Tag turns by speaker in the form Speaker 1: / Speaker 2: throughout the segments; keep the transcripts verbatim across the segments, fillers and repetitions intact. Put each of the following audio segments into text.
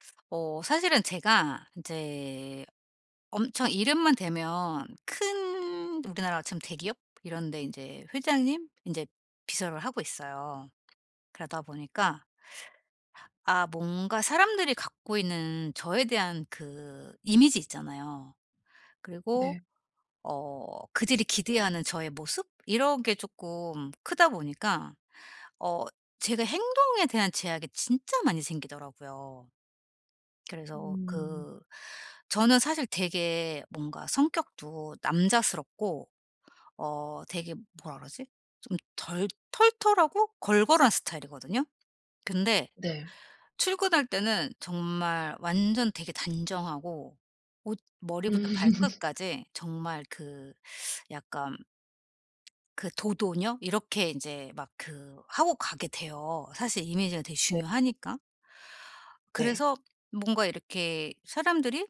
Speaker 1: 어 사실은 제가 인제 엄청 이름만 대면 큰 우리나라로 치면 대기업 이런 데 인제 회장님 인제 비서를 하고 있어요. 그러다 보니까 아 뭔가 사람들이 갖고 있는 저에 대한 그 이미지 있잖아요. 그리고
Speaker 2: 네.
Speaker 1: 어 그들이 기대하는 저의 모습 이런 게 쪼끔 크다 보니까 어 제가 행동에 대한 제약이 진짜 많이 생기더라고요. 그래서
Speaker 2: 음.
Speaker 1: 그 저는 사실 되게 뭔가 성격도 남자스럽고 어 되게 뭐라 그러지? 좀 덜 털털하고 걸걸한 스타일이거든요. 근데
Speaker 2: 네.
Speaker 1: 출근할 때는 정말 완전 되게 단정하고 옷 머리부터
Speaker 2: 음.
Speaker 1: 발끝까지 정말 그 약간 그 도도녀 이렇게 인제 막 그 하고 가게 돼요, 사실 이미지가 되게
Speaker 2: 네.
Speaker 1: 중요하니까.
Speaker 2: 네.
Speaker 1: 그래서 뭔가 이렇게 사람들이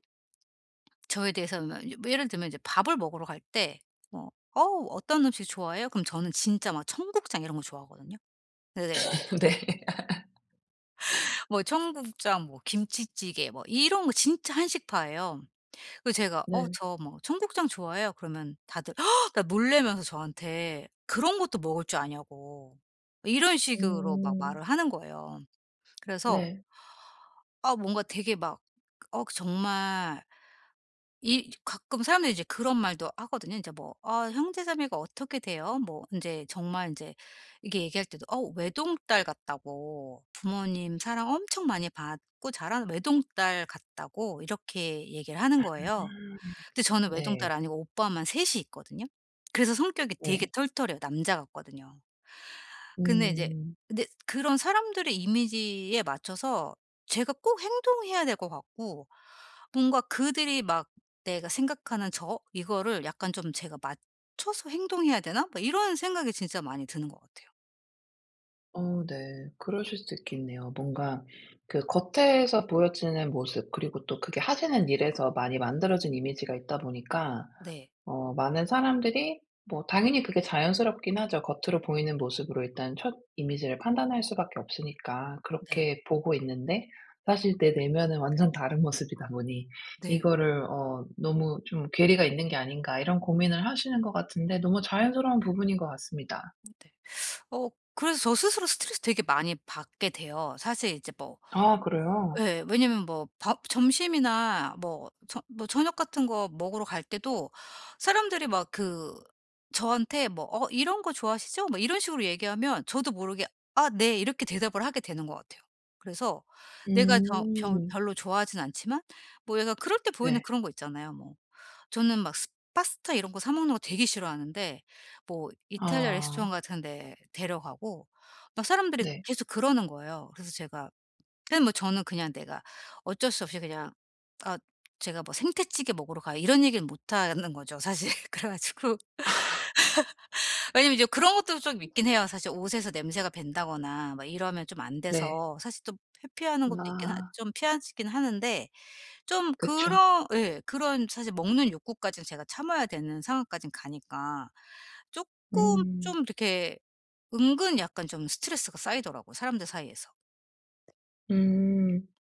Speaker 1: 저에 대해서 으 마 유 뭐 예를 들면 이제 밥을 먹으러 갈 때 뭐 "어우 어떤 음식 좋아해요?" 그럼 저는 진짜 막 청국장 이런 거 좋아하거든요. 근데 내가
Speaker 2: 네.
Speaker 1: 뭐 청국장 뭐 김치찌개 뭐 이런 거 진짜 한식파예요. 그래서 제가 어
Speaker 2: 네.
Speaker 1: "저 뭐 청국장 좋아해요." 그러면 다들 다 놀라면서 저한테 그런 것도 먹을 줄 아냐고 이런 식으로 막
Speaker 2: 음.
Speaker 1: 말을 하는 거예요. 그래서
Speaker 2: 네.
Speaker 1: 아 뭔가 되게 막 어 정말 이 가끔 사람들이 이제 그런 말도 하거든요. 인제 뭐 "아 형제자매가 어떻게 돼요?" 뭐 인제 정말 인제 이렇게 얘기할 때도 어 외동딸 같다고 부모님 사랑 엄청 많이 받고 자란 외동딸 같다고 이렇게 얘기를 하는
Speaker 2: 아
Speaker 1: 거예요. 근데 저는
Speaker 2: 네.
Speaker 1: 외동딸 아니고 오빠만 셋 이 있거든요. 그래서 성격이 되게
Speaker 2: 네.
Speaker 1: 털털해요. 남자 같거든요. 근데 이제
Speaker 2: 음.
Speaker 1: 근데 그런 사람들의 이미지에 맞춰서 제가 꼭 행동해야 될 것 같고 뭔가 그들이 막 내가 생각하는 저 이거를 약간 좀 제가 '맞춰서 행동해야 되나?' 막 이런 생각이 진짜 많이 드는 것 같아요.
Speaker 2: 어 네. 그러실 수도 있겠네요. 뭔가 그 겉에서 보여지는 모습 그리고 또 그게 하시는 일에서 많이 만들어진 이미지가 있다 보니까
Speaker 1: 네.
Speaker 2: 어 많은 사람들이 뭐 당연히 그게 자연스럽긴 하죠. 겉으로 보이는 모습으로 일단 첫 이미지를 판단할 수 밖에 없으니까
Speaker 1: 네.
Speaker 2: 그렇게 보고 있는데 사실 내 내면은 완전 다른 모습이다 보니
Speaker 1: 네.
Speaker 2: 이거를 어 너무 좀 '괴리가 있는 게 아닌가.' 이런 고민을 하시는 것 같은데 너무 자연스러운 부분인 것 같습니다.
Speaker 1: 네. 어 그래서 저 스스로 스트레스 되게 많이 받게 돼요. 사실 이제 뭐
Speaker 2: 아 그래요?
Speaker 1: 예 왜냐하면 뭐 밥 점심이나 뭐 저 뭐 저녁 같은 거 먹으러 갈 때도 사람들이 막 그 저한테 뭐 "어 이런 거 좋아하시죠?" 뭐 이런 식으로 얘기하면 저도 모르게 "아 네." 이렇게 대답을 하게 되는 것 같아요. 그래서 내가 저 벼
Speaker 2: 음.
Speaker 1: 별로 좋아하진 않지만 뭐 약간 그럴 때 보이는
Speaker 2: 네.
Speaker 1: 그런 거 있잖아요 뭐. 저는 막 스 파스타 이런 거 사 먹는 거 되게 싫어하는데 뭐 이탈리아 레스토랑
Speaker 2: 아.
Speaker 1: 같은 데 데려가고 막 사람들이
Speaker 2: 네.
Speaker 1: 계속 그러는 거예요. 그래서 제가 그냥 뭐 저는 그냥 내가 어쩔 수 없이 그냥 아 제가 뭐 "생태찌개 먹으러 가요." 이런 얘기는 못하는 거죠 사실. 그래 가지고 왜냐하면 이제 그런 것도 좀 있긴 해요. 사실 옷에서 냄새가 밴다거나 막 이러면 좀 안
Speaker 2: 네.
Speaker 1: 돼서 사실 좀 회피하는 것도 있긴 하
Speaker 2: 아.
Speaker 1: 좀 피하지 긴 하는데 좀
Speaker 2: 그쵸.
Speaker 1: 그런 예 그런 사실 먹는 욕구까지 제가 참아야 되는 상황까진 가니까 쪼끔 좀
Speaker 2: 음.
Speaker 1: 이렇게 은근 약간 좀 스트레스가 쌓이더라고요 사람들 사이에서.
Speaker 2: 음.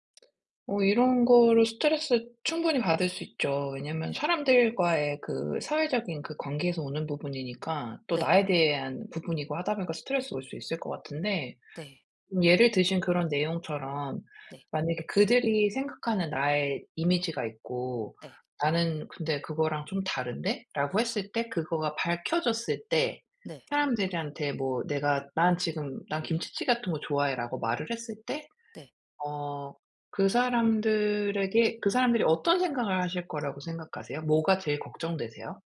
Speaker 2: 어 이런 거를 스트레스 충분히 받을 수 있죠. 왜냐하면
Speaker 1: 네.
Speaker 2: 사람들과의 그 사회적인 그 관계에서 오는 부분이니까 또
Speaker 1: 네.
Speaker 2: 나에 대한 부분이고 하다 보니까 스트레스 올 수 있을 것 같은데
Speaker 1: 네.
Speaker 2: 예를 드신 그런 내용처럼
Speaker 1: 네.
Speaker 2: 만약에 그들이 생각하는 나의 이미지가 있고
Speaker 1: 네.
Speaker 2: '나는 근데 그거랑 좀 다른데?'라고 했을 때 그거가 밝혀졌을 때
Speaker 1: 네.
Speaker 2: 사람들한테 뭐 내가 난 지금 "난 김치찌개 같은 거 좋아해."라고 말을 했을 때
Speaker 1: 네.
Speaker 2: 어 그 사람들에게 그 사람들이 어떤 생각을 하실 거라고 생각하세요? 뭐가 제일 걱정되세요?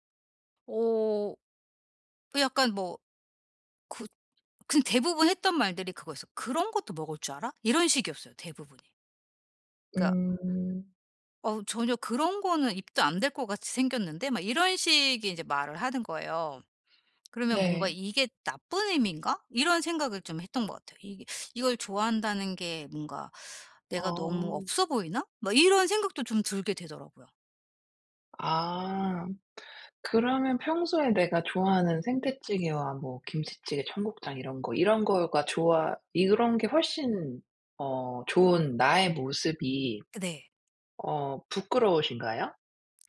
Speaker 1: 어. 그 약간 뭐 굿 그냥 대부분 했던 말들이 그거였어요. "그런 것도 먹을 줄 알아?" 이런 식이었어요 대부분이. 그러니까
Speaker 2: 음.
Speaker 1: "어우 전혀 그런 거는 입도 안 댈 것 같이 생겼는데?" 막 이런 식의 이제 말을 하는 거예요. 그러면 뭔가
Speaker 2: 네.
Speaker 1: '이게 나쁜 의미인가?' 이런 생각을 좀 했던 것 같아요. 이게 '이걸 좋아한다는 게 뭔가 내가 너무
Speaker 2: 아.
Speaker 1: 없어 보이나?' 막 이런 생각도 좀 들게 되더라고요.
Speaker 2: 아. 그러면 평소에 내가 좋아하는 생태찌개와 뭐 김치찌개, 청국장 이런 거 "이런 거가 좋아." 이런 게 훨씬 어 좋은 나의 모습이
Speaker 1: 네.
Speaker 2: 어 부끄러우신가요?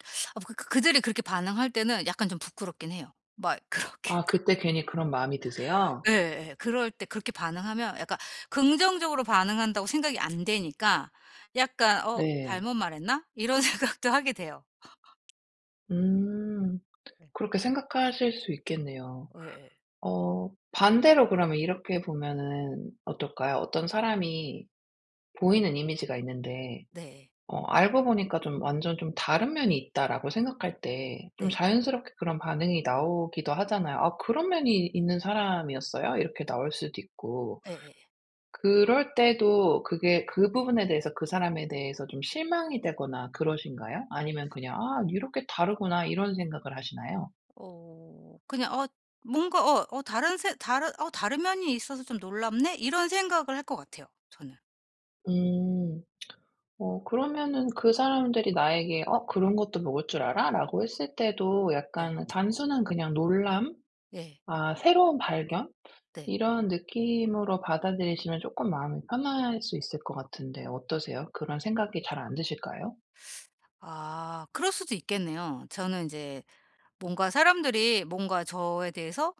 Speaker 1: 아 뭐 그 그들이 그렇게 반응할 때는 약간 좀 부끄럽긴 해요. 막 그렇게
Speaker 2: 아. 그때 괜히 그런 마음이 드세요?
Speaker 1: 네. 예. 그럴 때 그렇게 반응하면 약간 '긍정적으로 반응한다.'고 생각이 안 되니까 약간 어
Speaker 2: 네.
Speaker 1: '잘못 말했나?' 이런 생각도 하게 돼요.
Speaker 2: 음.
Speaker 1: 네.
Speaker 2: 그렇게 생각하실 수 있겠네요.
Speaker 1: 예예.
Speaker 2: 어 반대로 그러면 이렇게 보면은 어떨까요? 어떤 사람이 보이는 이미지가 있는데
Speaker 1: 네.
Speaker 2: 어 '알고 보니까 좀 완전 좀 다른 면이 있다.'라고 생각할 때 좀
Speaker 1: 네.
Speaker 2: 자연스럽게 그런 반응이 나오기도 하잖아요. 아 "그런 면이 있는 사람이었어요?" 이렇게 나올 수도 있고.
Speaker 1: 예예예.
Speaker 2: 그럴 때도 그게 그 부분에 대해서 그 사람에 대해서 좀 실망이 되거나 그러신가요? 아니면 그냥 아 '이렇게 다르구나.' 이런 생각을 하시나요?
Speaker 1: 어. 그냥 어 뭔가 어 어 다른 새 다른 어 '다른 면이 있어서 좀 놀랍네.' 이런 생각을 할 것 같아요, 저는.
Speaker 2: 음. 어 그러면은 그 사람들이 나에게 어 "그런 것도 먹을 줄 알아?"라고 했을 때도
Speaker 1: 네.
Speaker 2: 약간 단순한 그냥 놀람,
Speaker 1: 예.
Speaker 2: 아 새로운 발견?
Speaker 1: 네.
Speaker 2: 이런 느낌으로 받아들이시면 쪼끔 마음이 편할 수 있을 것 같은데 어떠세요? 그런 생각이 잘 안 드실까요?
Speaker 1: 아. 그럴 수도 있겠네요. 저는 인제 뭔가 사람들이 뭔가 저에 대해서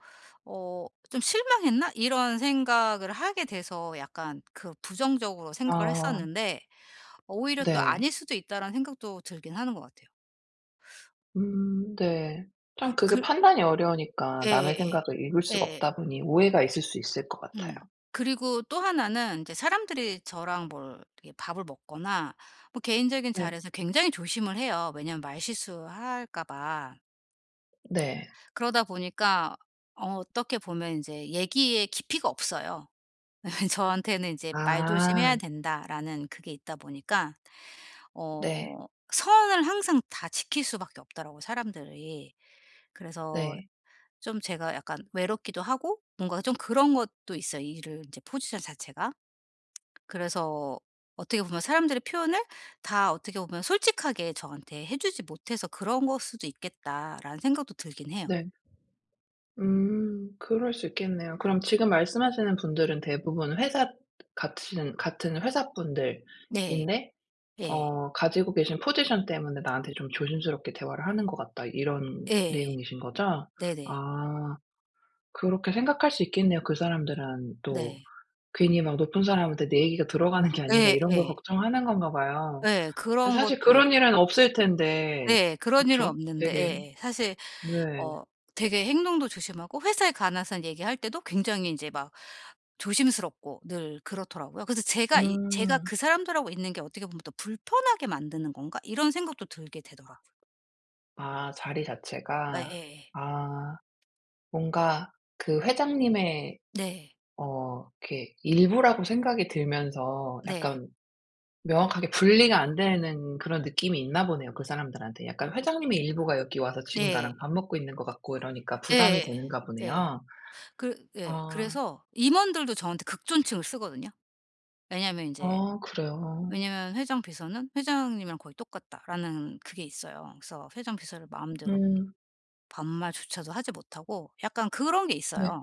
Speaker 1: 어 '좀 실망했나?' 이런 생각을 하게 돼서 약간 그 부정적으로 생각을
Speaker 2: 아.
Speaker 1: 했었는데 오히려 또
Speaker 2: 네.
Speaker 1: '아닐 수도 있다.'라는 생각도 들긴 하는 것 같아요.
Speaker 2: 음. 네. 참
Speaker 1: 아
Speaker 2: 그게
Speaker 1: 그
Speaker 2: 판단이 어려우니까, 남의
Speaker 1: 예예예.
Speaker 2: 생각을 읽을 수가
Speaker 1: 예예.
Speaker 2: 없다 보니 오해가 있을 수 있을 것 같아요.
Speaker 1: 음. 그리고 또 하나는 인제 사람들이 저랑 뭘 이렇게 밥을 먹거나, 뭐 개인적인
Speaker 2: 네.
Speaker 1: 자리에서 굉장히 조심을 해요. 왜냐면 말실수할까 봐.
Speaker 2: 네.
Speaker 1: 그러다 보니까 어 어떻게 보면 인제 얘기의 깊이가 없어요. 저한테는 인제 "말조심해야
Speaker 2: 아.
Speaker 1: 된다."라는 그게 있다 보니까
Speaker 2: 네.
Speaker 1: 어 선을 항상 다 지킬 수밖에 없더라고요, 사람들이. 그래서
Speaker 2: 네.
Speaker 1: 좀 제가 약간 외롭기도 하고 뭔가 좀 그런 것도 있어요, 일을 이제 포지션 자체가.
Speaker 2: 네.
Speaker 1: 그래서 어떻게 보면 '사람들의 표현을 다 어떻게 보면 솔직하게 저한테 해 주지 못해서 그런 걸 수도 있겠다.'라는 생각도 들긴 해요.
Speaker 2: 네. 음. 그럴 수 있겠네요. 그럼 지금 말씀하시는 분들은 대부분 회사 같은 같은 회사
Speaker 1: 네.
Speaker 2: 분들인데
Speaker 1: 예.
Speaker 2: 어 가지고 계신 "포지션 때문에 나한테 좀 조심스럽게 대화를 하는 것 같다." 이런
Speaker 1: 예.
Speaker 2: 내용이신 거죠?
Speaker 1: 네네.
Speaker 2: 아. 그렇게 생각할 수 있겠네요. 그 사람들은 또
Speaker 1: 네.
Speaker 2: 괜히 막 '높은 사람한테 내 얘기가 들어가는 게 아닌가?'
Speaker 1: 예
Speaker 2: 이런 걸
Speaker 1: 예.
Speaker 2: 걱정하는 건가 봐요.
Speaker 1: 예.
Speaker 2: 예.
Speaker 1: 그런
Speaker 2: 사실
Speaker 1: 것도
Speaker 2: 그런 일은
Speaker 1: [unintelligible]
Speaker 2: 없을 텐데,
Speaker 1: 네. 그런 일은
Speaker 2: 그쵸?
Speaker 1: 없는데.
Speaker 2: 되게
Speaker 1: 예예. 사실
Speaker 2: 네.
Speaker 1: 어 되게 행동도 조심하고 회사에 관해서 얘기할 때도 굉장히 인제 막 조심스럽고 늘 그렇더라고요. 그래서 제가 이 제가
Speaker 2: 음.
Speaker 1: 그 사람들하고 있는 게 '어떻게 보면 더 불편하게 만드는 건가?' 이런 생각도 들게 되더라고요.
Speaker 2: 아 자리 자체가?
Speaker 1: 예예예.
Speaker 2: 아. 뭔가 그 회장님의
Speaker 1: 네.
Speaker 2: 어 이렇게 일부라고 생각이 들면서
Speaker 1: 네.
Speaker 2: 약간 명확하게 분리가 안 되는 그런 느낌이 있나 보네요, 그 사람들한테. 약간 회장님의 일부가 여기 와서 지금
Speaker 1: 네.
Speaker 2: 나랑 밥 먹고 있는 것 같고 이러니까 부담이
Speaker 1: 예예예.
Speaker 2: 되는가
Speaker 1: 예.
Speaker 2: 보네요.
Speaker 1: 그 예.
Speaker 2: 아.
Speaker 1: 그래서 임원들도 저한테 극존칭을 쓰거든요. 왜냐면 인제
Speaker 2: 어 그래요?
Speaker 1: 왜냐면 "회장 비서는 회장님이랑 거의 똑같다."라는 그게 있어요. 그래서 회장 비서를 마음대로
Speaker 2: 음.
Speaker 1: 반말조차도 하지 못하고 약간 그런 게
Speaker 2: 네.
Speaker 1: 있어요.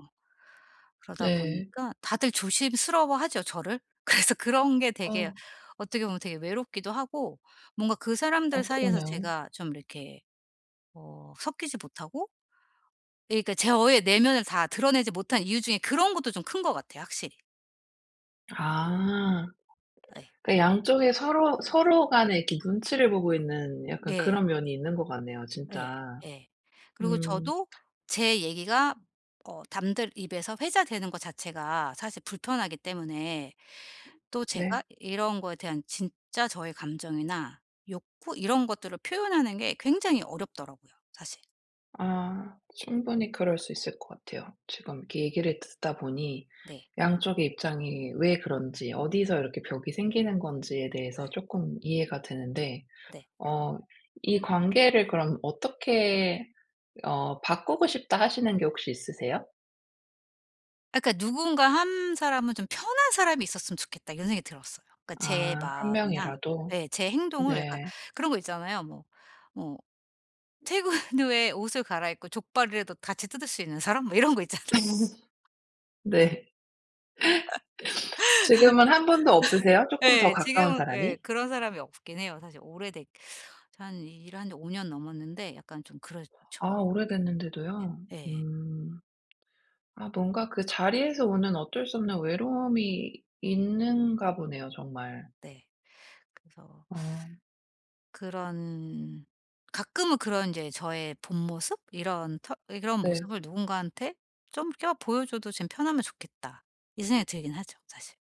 Speaker 1: 그러다
Speaker 2: 네.
Speaker 1: 보니까 다들 조심스러워하죠, 저를. 그래서 그런 게 되게
Speaker 2: 어.
Speaker 1: 어떻게 보면 되게 외롭기도 하고 뭔가 그
Speaker 2: 아
Speaker 1: 사람들 사이에서
Speaker 2: 그러네요.
Speaker 1: 제가 좀 이렇게 어 섞이지 못하고 그니까 제 어 예 내면을 다 드러내지 못한 이유 중에 그런 것도 좀 큰 것 같아요, 확실히.
Speaker 2: 아.
Speaker 1: 예.
Speaker 2: 그러니까 양쪽에 서로, 서로 간에 이렇게 눈치를 보고 있는 약간
Speaker 1: 예.
Speaker 2: 그런 면이 있는 것 같네요
Speaker 1: 네.
Speaker 2: 진짜.
Speaker 1: 예. 그리고
Speaker 2: 음.
Speaker 1: 저도 제 얘기가 어 담들 입에서 회자되는 거 자체가 사실 불편하기 때문에 또 제가
Speaker 2: 네.
Speaker 1: 이런 거에 대한 진짜 저의 감정이나 욕구 이런 것들을 표현하는 게 굉장히 어렵더라고요 사실.
Speaker 2: 아. 충분히 그럴 수 있을 것 같아요. 지금 이렇게 얘기를 듣다 보니
Speaker 1: 네.
Speaker 2: 양쪽의 입장이 왜 그런지 어디서 이렇게 벽이 생기는 건지에 대해서
Speaker 1: 예.
Speaker 2: 쪼끔 이해가 되는데
Speaker 1: 네.
Speaker 2: 어 '이 관계를 그럼 어떻게 어 바꾸고 싶다.' 하시는 게 혹시 있으세요?
Speaker 1: 아 그러니까 '누군가 한 사람은 좀 편한 사람이 있었으면 좋겠다.' 이런 생각이 들었어요. 그러니까 제
Speaker 2: 아 한
Speaker 1: 마음이나
Speaker 2: 명이라도?
Speaker 1: 예 제 행동을 약간
Speaker 2: 네.
Speaker 1: 그런 거 있잖아요. 뭐 뭐 퇴근 후에 옷을 갈아 입고 족발이라도 같이 뜯을 수 있는 사람 뭐 이런 거 있잖아요.
Speaker 2: 네. 지금은 한 분도 없으세요? 쪼끔 더
Speaker 1: 예.
Speaker 2: 가까운
Speaker 1: 지금은 예
Speaker 2: 사람이?
Speaker 1: 그런 사람이 없긴 해요. 사실 오래됐 저 한 일한 지 오 년 넘었는데 약간 좀 그렇죠.
Speaker 2: 아 오래됐는데도요?
Speaker 1: 예. 예.
Speaker 2: 음. 아 뭔가 그 자리에서 오는 어쩔 수 없는 외로움이 있는가 보네요 정말.
Speaker 1: 네. 그래서
Speaker 2: 아.
Speaker 1: 그런 가끔은 그런 인제 저의 본모습? 이런 터 예 그런
Speaker 2: 네.
Speaker 1: 모습을 누군가한테 좀 껴 '보여 줘도 좀 편하면 좋겠다.' 이 생각이 들긴 하죠 사실.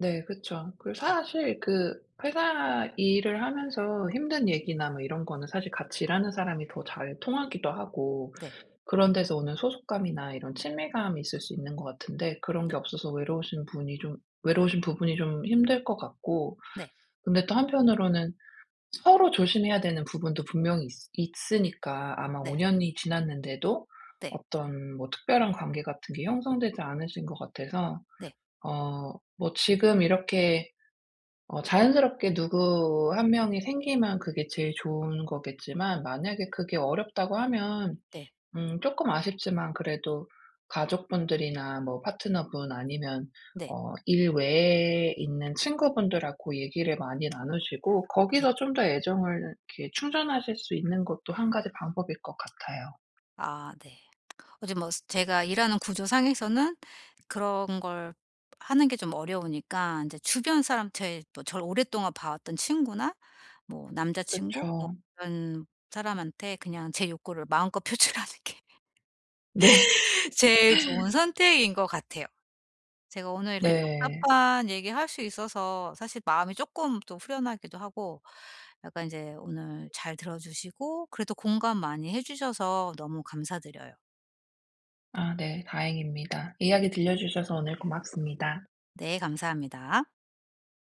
Speaker 2: 네, 그쵸. 그
Speaker 1: 네.
Speaker 2: 사실 그 회사 일을 하면서 힘든 얘기나 뭐 이런거는 사실 같이 일하는 사람이 더 잘 통하기도 하고.
Speaker 1: 네.
Speaker 2: 그런 데서 오는 소속감이나 이런 친밀감이 있을 수 있는 것 같은데 그런 게
Speaker 1: 네.
Speaker 2: 없어서 외로우신 분이 좀 외로우신 부분이 좀 힘들 것 같고.
Speaker 1: 네.
Speaker 2: 근데 또 한편으로는 서로 조심해야 되는 부분도 분명히 있스 있으니까 아마 오
Speaker 1: 네.
Speaker 2: 년이 지났는데도
Speaker 1: 네.
Speaker 2: 어떤 뭐 특별한 관계 같은 게 형성되지 않으신 것 같아서.
Speaker 1: 네.
Speaker 2: 어 뭐 지금 이렇게 어 자연스럽게 누구 한 명이 생기면 그게 제일 좋은 거겠지만 만약에 그게 어렵다고 하면
Speaker 1: 네.
Speaker 2: 음 쪼금 아쉽지만 그래도 가족분들이나 뭐 파트너분 아니면
Speaker 1: 네.
Speaker 2: 어 일 외에 있는 친구분들하고 얘기를 많이 나누시고
Speaker 1: 네.
Speaker 2: 거기서 좀 더 애정을 이렇게 충전하실 수 있는 것도 한 가지 방법일 것 같아요.
Speaker 1: 아 네. 어 제 뭐 제가 일하는 구조상에서는 그런 걸 하는 게 좀 어려우니까 이제 주변 사람한테 또 저를 오랫동안 봐왔던 친구나 뭐 남자친구 뭐
Speaker 2: 그쵸.
Speaker 1: 그런 사람한테 그냥 제 욕구를 마음껏 표출하는 게
Speaker 2: 네.
Speaker 1: 제일 좋은 선택인 것 같아요. 제가 오늘 이렇게
Speaker 2: 네.
Speaker 1: 답답한 얘기할 수 있어서 사실 마음이 쪼끔 또 후련하기도 하고 약간 이제 오늘 잘 들어 주시고 그래도 공감 많이 해 주셔서 너무 감사드려요.
Speaker 2: 아 네, 다행입니다. 이야기 들려 주셔서 오늘 고맙습니다.
Speaker 1: 네, 감사합니다.